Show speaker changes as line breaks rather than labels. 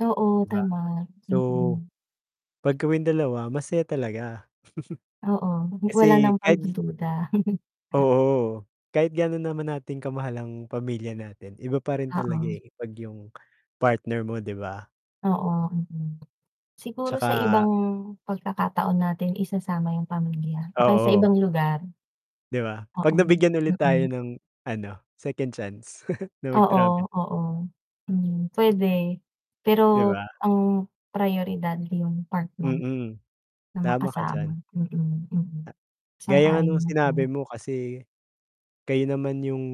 Oo,
'Di ba?
tama.
So,
Mm.
'pag kawing dalawa masaya talaga.
Oo, wala
Kasi
nang
kahit
pagdududa.
Oo. Kahit gaano naman natin kamahal ang pamilya natin, iba pa rin talaga
Oo.
eh, 'pag yung partner mo di ba?
Oo, mm, siguro sa
Tsaka
ibang pagkakataon natin isasama yung pamilya o kaya sa
Oo.
ibang lugar.
'Di ba 'pag
Oo.
nabigyan ulit tayo
Mm.
ng ano, second chance na
Oo.
mag-travel ulit.
oo. Hmm, puwede
'Di
pero
ba?
ang prayoridad yung partner
Mm,
na
tama ka
makasama.
diyan.
Mm, mm.
Gaya nga ng
Sang-ayon
sinabi
ako.
mo kasi, kayo naman yung